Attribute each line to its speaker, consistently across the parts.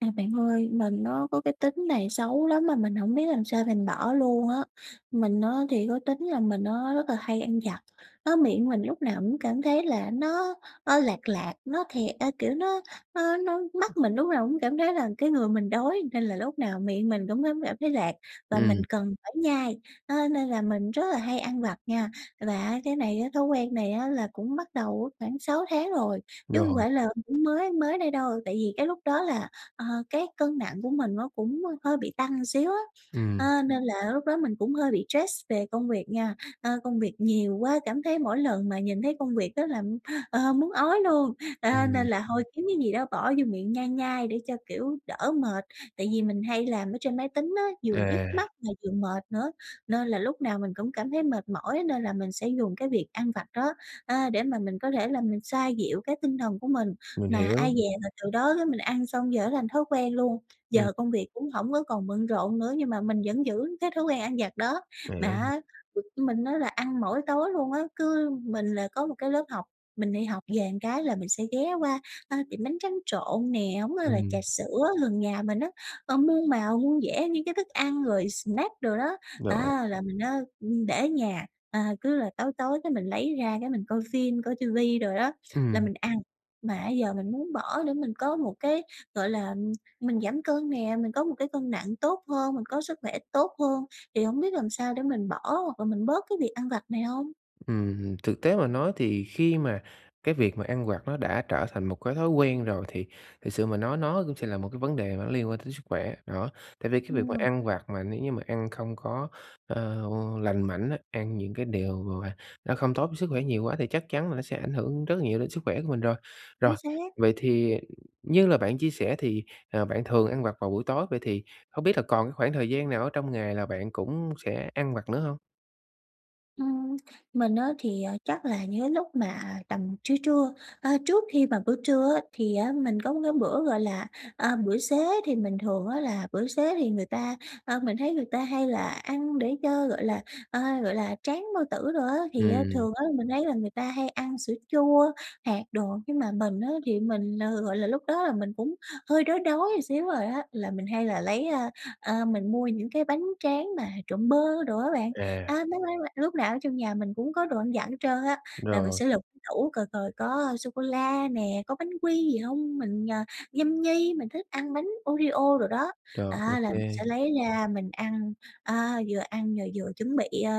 Speaker 1: À, bạn ơi mình nó có cái tính này xấu lắm mà mình hổng biết làm sao mình bỏ luôn á. Mình á thì có tính là mình á rất là hay ăn vặt á, miệng mình lúc nào cũng cảm thấy là nó nó lạt lạt, nó thiệt a, kiểu, nó nó nó mắt mình lúc nào cũng cảm thấy là cái người mình đói nên là lúc nào miệng mình cũng thấm cảm thấy lạt, và mình
Speaker 2: Ừm.
Speaker 1: cần phải nhai á nên là mình rất là hay ăn vặt nha. Và á cái này á, thói quen này á là cũng bắt đầu khoảng 6 tháng rồi, chứ hông
Speaker 2: Rồi.
Speaker 1: phải là cũng mới mới đây đâu. Tại vì cái lúc đó là, ờ, cái cân nặng của mình nó cũng hơi bị tăng một xíu á,
Speaker 2: Ừm.
Speaker 1: á, nên là lúc đó mình cũng hơi bị stress về công việc nha, ơ, công việc nhiều quá, cảm thấy mỗi lần mà nhìn thấy công việc đó là, ờ, muốn ói luôn, ơ, nên
Speaker 2: Ừm.
Speaker 1: là hôi kiếm cái gì đó bỏ vô miệng nhai nhai để cho, kiểu, đỡ mệt. Tại vì mình hay làm ở trên máy tính á, vừa nhức
Speaker 2: À.
Speaker 1: mắt mà vừa mệt nữa nên là lúc nào mình cũng cảm thấy mệt mỏi, nên là mình sẽ dùng cái việc ăn vặt đó, a, để mà mình có thể là mình xoa dịu cái tinh thần của mình.
Speaker 2: Mình
Speaker 1: Mà
Speaker 2: hiểu.
Speaker 1: ai dè là từ đó cái mình ăn xong giờ thành thói quen luôn,
Speaker 2: Ừm.
Speaker 1: giờ công việc cũng hổng có còn bận rộn nữa nhưng mà mình vẫn giữ cái thói quen ăn vặt đó, mà
Speaker 2: Ạ.
Speaker 1: á [unintelligible] mình á là ăn mỗi tối luôn á. Cứ mình là có một cái lớp học, mình đi học về một cái là mình sẽ ghé qua, ơ, tiệm bánh tránh trộn nè, hổng thôi là trà
Speaker 2: Ừm.
Speaker 1: sữa gần nhà mình á, ơ, muôn màu muôn vẻ những cái thức ăn, rồi snack đồ đó.
Speaker 2: Rồi.
Speaker 1: Á, là mình á, ưm, để ở nhà, à, cứ là tối tối cái mình lấy ra cái mình coi phim, coi ti vi đồ đó là
Speaker 2: Ừm.
Speaker 1: mình ăn. Mà á giờ mình muốnơ bỏ để mình có một cái, gọi là, mình giảm cân nè, mình có một cái cân nặng tốt hơn, mình có sức khỏe tốt hơn thì hổng biết làm sao để mình bỏ hoặc là mình bớt cái việc ăn vặt này hông?
Speaker 2: Ừm, thực tế mà nói thì khi mà cái việc mà ăn vặt nó đã trở thành một cái thói quen rồi, thì thực sự mà nói nó cũng sẽ là một cái vấn đề mà nó liên quan tới sức khỏe, đó. Tại vì cái việc mà
Speaker 1: Ừm.
Speaker 2: ăn vặt mà nếu như mà ăn không có, ờ, lành mạnh á, ăn những cái điều mà nó không tốt cho sức khỏe nhiều quá thì chắc chắn là nó sẽ ảnh hưởng rất nhiều đến sức khỏe của mình rồi. Rồi,
Speaker 1: Chính xác.
Speaker 2: vậy thì như là bạn chia sẻ thì, ờ, bạn thường ăn vặt vào buổi tối, vậy thì hông biết là còn cái khoảng thời gian nào ở trong ngày là bạn cũng sẽ ăn vặt nữa hông?
Speaker 1: Ừm, mình á, thì, ờ, chắc là những cái lúc mà tầm trưa trưa, ơ, trước khi mà bữa trưa á, thì á mình có một cái bữa, gọi là, à, bữa xế, thì mình thường á là bữa xế thì người ta ơ, mình thấy người ta hay là ăn để cho, gọi là, ơ, gọi là, tráng bao tử đồ á. Thì á
Speaker 2: Ừm.
Speaker 1: thường á, mình thấy là người ta hay ăn sữa chua, hạt đồ, nhưng mà mình á thì mình, ờ, gọi là, lúc đó là mình cũng hơi đói đói xíu rồi á, là mình hay là lấy, ơ, ơ, mình mua những cái bánh tráng mà trộn bơ đồ á bạn. Á,
Speaker 2: À.
Speaker 1: mấy quán, a lúc nào ở trong nhà mình cũng có đồ ăn vặt hết trơn á, là mình
Speaker 2: Rồi.
Speaker 1: sẽ lục tủ coi coi có sô cô la nè, có bánh quy gì hông, mình, à, nhâm nhi, mình thích ăn bánh Oreo đồ đó.
Speaker 2: Rồi, ô
Speaker 1: Đó, là mình
Speaker 2: kê.
Speaker 1: sẽ lấy ra mình ăn, à, vừa ăn rồi vừa chuẩn bị, ơ,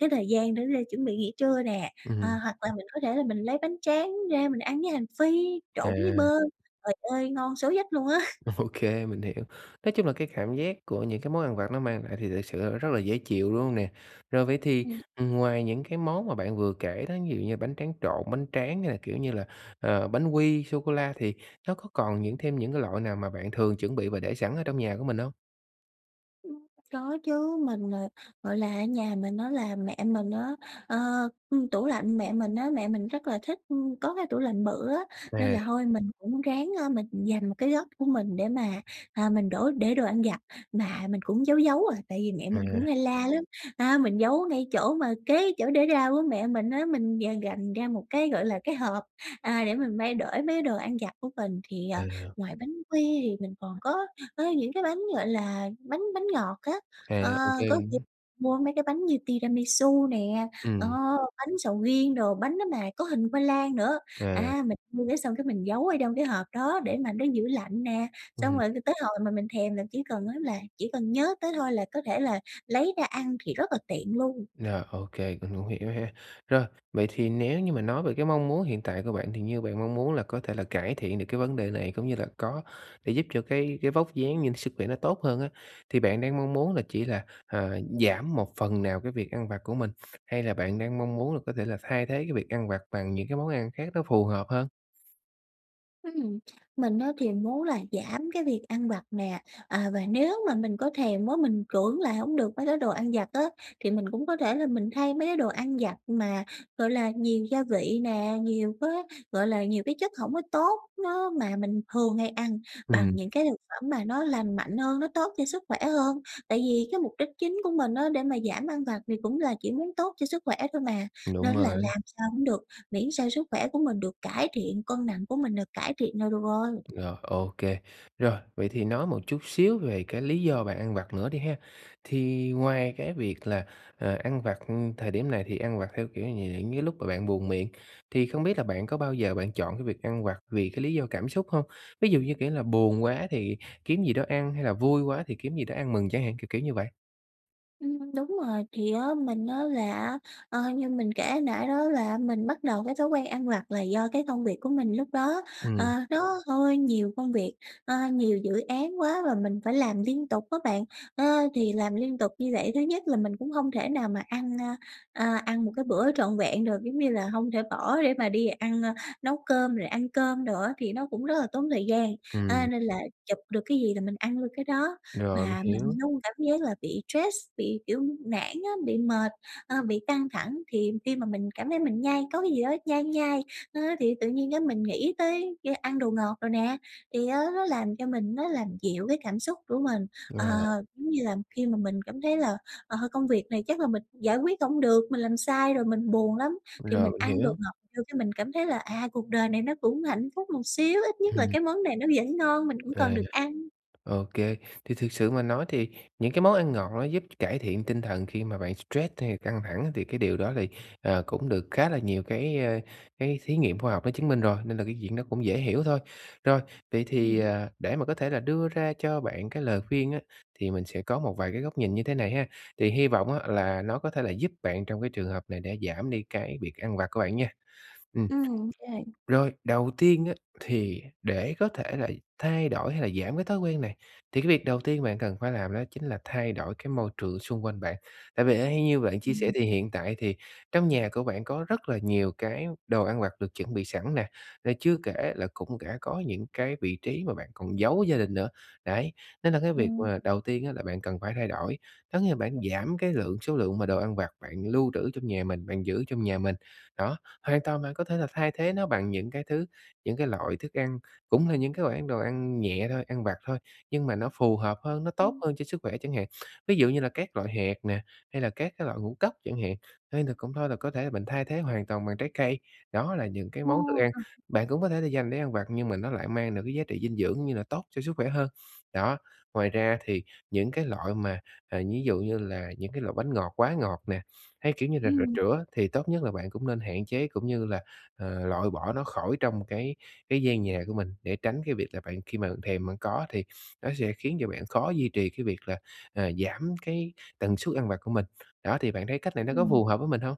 Speaker 1: cái thời gian để ra chuẩn bị nghỉ trưa nè,
Speaker 2: Ừm.
Speaker 1: à, hoặc là mình có thể là mình lấy bánh tráng ra mình ăn với hành phi,
Speaker 2: À.
Speaker 1: trộn với bơ. Trời ơi ngon số dách luôn á.
Speaker 2: OK, mình hiểu. Nói chung là cái cảm giác của những cái món ăn vặt nó mang lại thì thực sự, ơ, rất là dễ chịu, đúng hông nè? Rồi vậy thì,
Speaker 1: Ừ.
Speaker 2: ừm, ngoài những cái món mà bạn vừa kể đó, ví dụ như bánh tráng trộn, bánh tráng hay là, kiểu như là, ờ, bánh quy, sô cô la thì nó có còn những thêm những cái loại nào mà bạn thường chuẩn bị và để sẵn ở trong nhà của mình hông?
Speaker 1: Ừm, có chứ, mình, ờ, gọi là, ở nhà mình á là mẹ mình á, ờ, ừm, tủ lạnh mẹ mình á, mẹ mình rất là thích, ư, có cái tủ lạnh bự á, nên
Speaker 2: À.
Speaker 1: là hôi mình cũng ráng, ơ, mình dành một cái góc của mình để mà, à, mình đổ để đồ ăn vặt và mình cũng giấu giấu à, tại vì mẹ mình cũng
Speaker 2: À.
Speaker 1: hay la lắm. A, mình giấu ngay chỗ mà kế chỗ để rau của mẹ mình á, mình d gành ra một cái, gọi là, cái hộp, à, để mình mang để mấy đồ ăn vặt của mình. Thì, ờ,
Speaker 2: À.
Speaker 1: ngoài bánh quy thì mình còn có có những cái bánh, gọi là, bánh bánh ngọt á, ờ,
Speaker 2: À, ô kê,
Speaker 1: có,
Speaker 2: mình
Speaker 1: kiểu,
Speaker 2: muốn
Speaker 1: mua mấy cái bánh như Tiramisu nè, ờ,
Speaker 2: Ừm.
Speaker 1: bánh sầu riêng đồ, bánh đó mà có hình khoai lang nữa.
Speaker 2: À.
Speaker 1: À, mình mua cái xong cái mình giấu ở trong cái hộp đó để mà nó giữ lạnh nè, xong
Speaker 2: Ừm.
Speaker 1: rồi t tới hồi mà mình thèm là chỉ cần á là chỉ cần nhớ tới thôi là có thể là lấy ra ăn, thì rất là tiện luôn.
Speaker 2: Rồi, ô kê, mình cũng hiểu ha. Rồi, vậy thì nếu như mà nói về cái mong muốn hiện tại của bạn thì như bạn mong muốn là có thể là cải thiện được cái vấn đề này, cũng như là có thể giúp cho cái cái vóc dáng nhưng sức khỏe nó tốt hơn á, thì bạn đang mong muốn là chỉ là, à, giảm một phần nào cái việc ăn vặt của mình, hay là bạn đang mong muốn là có thể là thay thế cái việc ăn vặt bằng những cái món ăn khác nó phù hợp hơn?
Speaker 1: Ừm, mình á thì muốn là giảm cái việc ăn vặt nè, à và nếu mà mình có thèm quá mình cưỡng lại không được mấy cái đồ ăn vặt á, thì mình cũng có thể là mình thay mấy cái đồ ăn vặt mà, gọi là, nhiều gia vị nè, nhiều cái, gọi là, nhiều cái chất hổng có tốt, nó mà mình thường hay ăn bằng
Speaker 2: Ừm.
Speaker 1: những cái thực phẩm mà nó lành mạnh hơn, nó tốt cho sức khỏe hơn. Tại vì cái mục đích chính của mình á để mà giảm ăn vặt thì cũng là chỉ muốn tốt cho sức khỏe thôi mà, nên
Speaker 2: Đúng
Speaker 1: á là
Speaker 2: rồi.
Speaker 1: làm sao cũng được, miễn sao sức khỏe của mình được cải thiện, cân nặng của mình được cải thiện là được rồi.
Speaker 2: Rồi, ô kê, rồi. Vậy thì nói một chút xíu về cái lý do bạn ăn vặt nữa đi ha. Thì ngoài cái việc là, ờ, ăn vặt, ưm, thời điểm này thì ăn vặt theo, kiểu như, dạng những lúc mà bạn buồn miệng thì không biết là bạn có bao giờ bạn chọn cái việc ăn vặt vì cái lý do cảm xúc hông? Ví dụ như, kiểu, là buồn quá thì kiếm gì đó ăn hay là vui quá thì kiếm gì đó ăn mừng chẳng hạn, kiểu, kiểu như vậy.
Speaker 1: Ừm, đúng rồi, thì, á, mình, á, là, á, ơ, như mình kể hồi nãy đó là, á, mình bắt đầu cái thói quen ăn vặt là do cái công việc của mình lúc đó, ờ,
Speaker 2: Ừm.
Speaker 1: nó hơi nhiều công việc, ơ, nhiều dự án quá và mình phải làm liên tục á bạn. Ơ, thì làm liên tục như vậy, thứ nhất là mình cũng hông thể nào mà ăn, a, à, ăn một cái bữa trọn vẹn được, giống như là, hông thể bỏ để mà đi ăn, ơ, nấu cơm rồi ăn cơm đồ á, thì nó cũng rất là tốn thời gian, à,
Speaker 2: Ừm.
Speaker 1: nên là chụp được cái gì là mình ăn luôn cái đó.
Speaker 2: Rồi, mình
Speaker 1: Và
Speaker 2: hiểu.
Speaker 1: mình luôn cảm giác là bị stress, bị, kiểu, nản á, bị mệt, ơ, bị căng thẳng, thì khi mà mình cảm thấy mình nhai có cái gì đó nhai nhai á thì tự nhiên á mình nghĩ tới ra ăn đồ ngọt đồ nè. Thì, á, nó làm cho mình nó làm dịu cái cảm xúc của mình, ờ,
Speaker 2: Rồi.
Speaker 1: giống như là, khi mà mình cảm thấy là, ờ, công việc này chắc là mình giải quyết không được, mình làm sai rồi mình buồn lắm, thì
Speaker 2: Rồi,
Speaker 1: mình
Speaker 2: mình
Speaker 1: ăn đồ
Speaker 2: hiểu.
Speaker 1: ngọt vô cái mình cảm thấy là, à, cuộc đời này nó cũng hạnh phúc một xíu, ít nhất là
Speaker 2: Ừm.
Speaker 1: cái món này nó vẫn ngon mình cũng
Speaker 2: À,
Speaker 1: còn được ăn.
Speaker 2: ô kê. Thì thực sự mà nói thì những cái món ăn ngọt nó giúp cải thiện tinh thần khi mà bạn stress hay căng thẳng thì cái điều đó thì, ờ, cũng được khá là nhiều cái, ơ, cái thí nghiệm khoa học nó chứng minh rồi, nên là cái chuyện đó cũng dễ hiểu thôi. Rồi, vậy thì,
Speaker 1: Ừm.
Speaker 2: à, để mà có thể là đưa ra cho bạn cái lời khuyên á, thì mình sẽ có một vài cái góc nhìn như thế này ha. Thì hi vọng, á, là nó có thể là giúp bạn trong cái trường hợp này để giảm đi cái việc ăn vặt của bạn nha. Ừm.
Speaker 1: Ừm, rồi.
Speaker 2: Rồi, đầu tiên á thì để có thể là thay đổi hay là giảm cái thói quen này, thì cái việc đầu tiên bạn cần phải làm đó chính là thay đổi cái môi trường xung quanh bạn. Tại vì ở hay như bạn chia sẻ
Speaker 1: Ừm.
Speaker 2: thì hiện tại thì trong nhà của bạn có rất là nhiều cái đồ ăn vặt được chuẩn bị sẵn nè, rồi chưa kể là cũng đã có những cái vị trí mà bạn còn giấu gia đình nữa. Đấy, nên là cái việc
Speaker 1: Ừm.
Speaker 2: mà đầu tiên ấy là bạn cần phải thay đổi, có nghĩa là bạn giảm cái lượng số lượng mà đồ ăn vặt bạn lưu trữ trong nhà mình, bạn giữ trong nhà mình. Đó, hoàn toàn bạn có thể là thay thế nó bằng những cái thứ, những cái loại thức ăn, cũng là những cái loại ăn đồ ăn nhẹ thôi, ăn vặt thôi, nhưng mà nó phù hợp hơn, nó tốt
Speaker 1: Ừm.
Speaker 2: hơn cho sức khỏe chẳng hạn. Ví dụ như là các loại hạt nè, hay là các cái loại ngũ cốc chẳng hạn, hay là cũng thôi là có thể mình thay thế hoàn toàn bằng trái cây. Đó là những cái món thức ăn
Speaker 1: [unintelligible]
Speaker 2: bạn cũng có thể là dành để ăn vặt nhưng mà nó lại mang được cái giá trị dinh dưỡng như là tốt cho sức khỏe hơn. Đó. Ngoài ra thì những cái loại mà, ờ, ví dụ như là những cái loại bánh ngọt quá ngọt nè, hay, kiểu như là, rà
Speaker 1: Ừm.
Speaker 2: chữa thì tốt nhất là bạn cũng nên hạn chế, cũng như là, ờ, loại bỏ nó khỏi trong cái cái gian nhà của mình, để tránh cái việc là bạn khi mà bạn thèm bạn có thì nó sẽ khiến cho bạn khó duy trì cái việc là, à, giảm cái tần suất ăn vặt của mình. Đó thì bạn thấy cách này nó có
Speaker 1: Ừm.
Speaker 2: phù hợp với mình hông?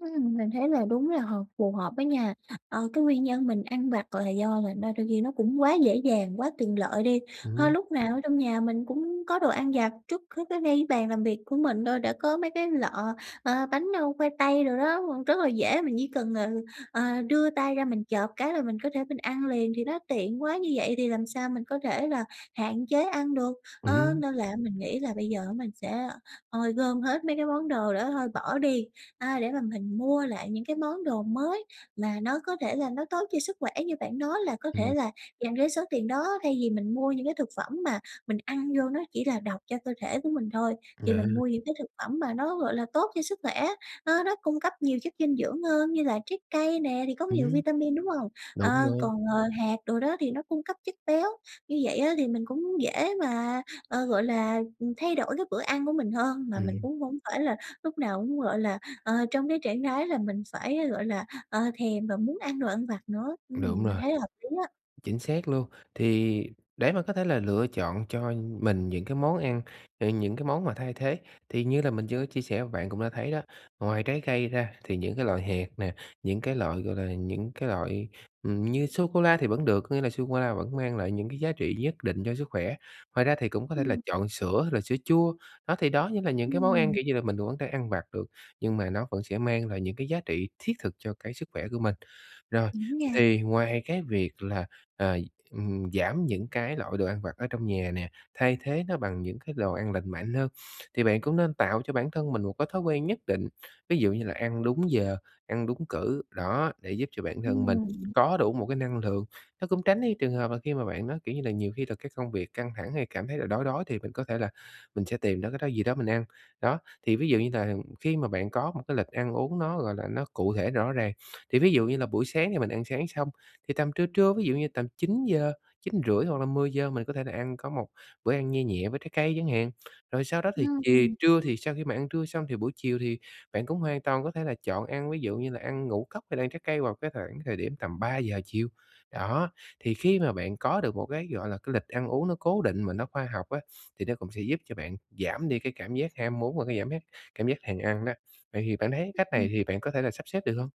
Speaker 1: Ừm, mình thấy là đúng là hợp phù hợp với nha. Ờ, cái nguyên nhân mình ăn vặt là do là na đôi khi nó cũng quá dễ dàng, quá tiện lợi đi,
Speaker 2: Ừm
Speaker 1: hơ,
Speaker 2: hứm.
Speaker 1: lúc nào ở trong nhà mình cũng có đồ ăn vặt. Trước hết á, ngay cái bàn làm việc của mình thôi đã có mấy cái lọ, ờ, bánh, ơ, khoai tây đồ đó [unintelligible] rất là dễ, mình chỉ cần, ừ, ờ, đưa tay ra mình chộp cái là mình có thể mình ăn liền, thì nó tiện quá, như vậy thì làm sao mình có thể là hạn chế ăn được.
Speaker 2: Ừm
Speaker 1: Ơ,
Speaker 2: hứm.
Speaker 1: nên là mình nghĩ là bây giờ á mình sẽ ôi, gom hết mấy cái món đồ đó thôi bỏ đi, a, để mà mình mua lại những cái món đồ mới mà nó có thể là nó tốt cho sức khỏe, như bạn nói là có
Speaker 2: Ừm.
Speaker 1: thể là dành cái số tiền đó, thay vì mình mua những cái thực phẩm mà mình ăn vô nó chỉ là độc cho cơ thể của mình thôi, thì mình
Speaker 2: [unintelligible]
Speaker 1: mua những cái thực phẩm mà nó, gọi là, tốt cho sức khỏe, nó nó cung cấp nhiều chất dinh dưỡng hơn, như là trái cây nè thì có nhiều
Speaker 2: Ừm.
Speaker 1: vitamin, đúng hông?
Speaker 2: Đúng
Speaker 1: Ờ,
Speaker 2: rồi.
Speaker 1: còn, ờ, hạt đồ đó thì nó cung cấp chất béo, như vậy á thì mình cũng dễ mà, ờ, gọi là, ừm, thay đổi cái bữa ăn của mình hơn, mà mình
Speaker 2: Ừm.
Speaker 1: cũng hông phải là lúc nào cũng, gọi là, ờ, trong cái trạng thái là mình phải, a, gọi là, ờ, thèm và muốn ăn đồ ăn vặt nữa. Ừm,
Speaker 2: Đúng rồi,
Speaker 1: mình thấy là hợp lý á.
Speaker 2: chính xác luôn. Thì để mà có thể là lựa chọn cho mình những cái món ăn, ờ, những cái món mà thay thế, thì như là mình chưa chia sẻ bạn cũng đã thấy đó, ngoài trái cây ra thì những cái loại hạt nè, những cái loại, gọi là, những cái loại, ừm, như sô cô la thì vẫn được, có nghĩa là sô cô la vẫn mang lại những cái giá trị nhất định cho sức khỏe. Ngoài ra thì cũng có thể là
Speaker 1: Ừm.
Speaker 2: chọn sữa hay là sữa chua, đó thì đó như là những cái món ăn,
Speaker 1: Ừm.
Speaker 2: kiểu như là, mình vẫn có thể đang ăn vặt được, nhưng mà nó vẫn sẽ mang lại những cái giá trị thiết thực cho cái sức khỏe của mình. Rồi,
Speaker 1: Đúng nha.
Speaker 2: thì ngoài cái việc là, ờ, ừm, giảm những cái loại đồ ăn vặt ở trong nhà nè, thay thế nó bằng những cái đồ ăn lành mạnh hơn, thì bạn cũng nên tạo cho bản thân mình một cái thói quen nhất định, ví dụ như là ăn đúng giờ, ăn đúng cử, đó, để giúp cho bản thân mình
Speaker 1: Ừm.
Speaker 2: có đủ một cái năng lượng, nó cũng tránh đi trường hợp là khi mà bạn nó, kiểu như là, nhiều khi thực cái công việc căng thẳng hay cảm thấy là đói, đói thì mình có thể là mình sẽ tìm đó cái đó gì đó mình ăn. Đó, thì ví dụ như nà khi mà bạn có một cái lịch ăn uống nó, gọi là, nó cụ thể rõ ràng, thì ví dụ như là buổi sáng thì mình ăn sáng xong, thì tầm trưa, trưa, ví dụ như tầm 9:00, 9:30 hoặc là 10:00 mình có thể là ăn có một bữa ăn nhe nhẹ với trái cây chẳng hạn. Rồi sau đó thì chì
Speaker 1: Ừm.
Speaker 2: trưa thì sau khi mà ăn trưa xong thì buổi chiều thì bạn cũng hoàn toàn có thể là chọn ăn ví dụ như là ăn ngũ cốc hay là ăn trái cây vào cái thoảng thời điểm tầm 3:00 chiều. Đó, thì khi mà bạn có được một cái, gọi là, cái lịch ăn uống nó cố định mà nó khoa học á, thì nó cũng sẽ giúp cho bạn giảm đi cái cảm giác ham muốn và cái giảm giác cảm giác thèm ăn đó. Vậy thì bạn thấy cách
Speaker 1: Ừm.
Speaker 2: này hì bạn có thể là sắp xếp được hông?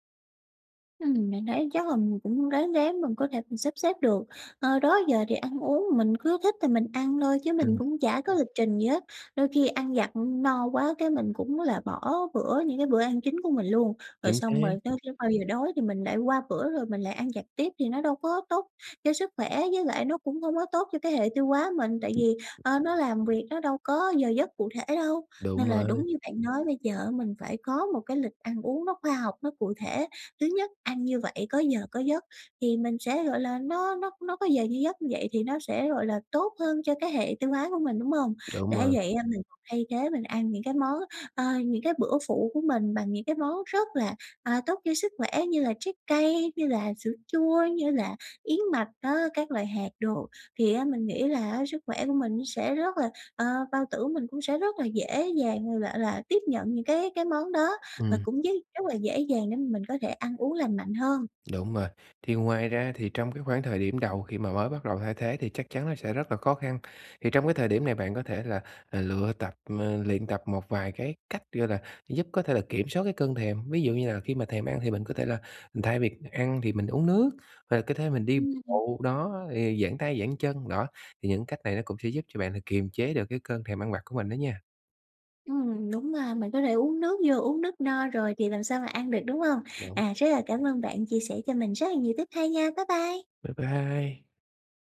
Speaker 1: Ừm, mình thấy chắc là mình cũng ráng ráng mình có thể sắp xếp được. Ờ, đó giờ thì ăn uống mình cứ thích thì mình ăn thôi chứ mình
Speaker 2: Ừm.
Speaker 1: cũng chả có lịch trình gì hết, đôi khi ăn vặt, ừ, no quá cái mình cũng là bỏ bữa, những cái bữa ăn chính của mình luôn. Rồi
Speaker 2: Chính
Speaker 1: xong rồi
Speaker 2: xác.
Speaker 1: tới khi bao giờ đói thì mình lại qua bữa rồi mình lại ăn vặt tiếp, thì nó đâu có tốt cho sức khỏe, với lại nó cũng không có tốt cho cái hệ tiêu hóa mình, tại vì, ờ, nó làm việc nó đâu có giờ giấc cụ thể đâu,
Speaker 2: Đúng
Speaker 1: nên là
Speaker 2: rồi.
Speaker 1: đúng như bạn nói bây giờ, mình phải có một cái lịch ăn uống nó khoa học, nó cụ thể. Thứ nhất ăn như vậy có giờ có giấc, thì mình sẽ, gọi là, nó nó nó có giờ như giấc như vậy thì nó sẽ, gọi là, tốt hơn cho cái hệ tiêu hóa của mình, đúng hông?
Speaker 2: Đúng
Speaker 1: Đã
Speaker 2: rồi.
Speaker 1: vậy, a, mình thay thế, mình ăn những cái món, ờ, những cái bữa phụ của mình bằng những cái món rất là, à, tốt cho sức khỏe như là trái cây, như là sữa chua, như là yến mạch á, các loại hạt đồ. Thì á, mình nghĩ là á sức khỏe của mình nó sẽ rất là ờ, bao tử của mình cũng sẽ rất là dễ dàng, gọi lạ là, tiếp nhận những cái cái món đó và
Speaker 2: Ừm.
Speaker 1: cũng d rất là dễ dàng để mà mình có thể ăn uống lành mạnh hơn.
Speaker 2: Đúng rồi. Thì ngoài ra thì trong cái khoảng thời điểm đầu khi mà mới bắt đầu thay thế thì chắc chắn nó sẽ rất là khó khăn. Thì trong cái thời điểm này bạn có thể là, à, lựa tập ờ, luyện tập một vài cái cách, gọi là, giúp có thể là kiểm soát cái cơn thèm. Ví dụ như là khi mà thèm ăn thì mình có thể là, ừ, thay việc ăn thì mình uống nước và có thế mình đi
Speaker 1: Ừm, ừm.
Speaker 2: bộ, đó, thì giãn tay, giãn chân, đó. Thì những cách này nó cũng sẽ giúp cho bạn là kiềm chế được cái cơn thèm ăn vặt của mình đó nha.
Speaker 1: Ừm, đúng ra mình có thể uống nước vô, uống nước no rồi thì làm sao mà ăn được, đúng hông?
Speaker 2: Đúng.
Speaker 1: À, rất là cảm ơn bạn chia sẻ cho mình rất là nhiều tip hay nha. Bye bye.
Speaker 2: Bye bye.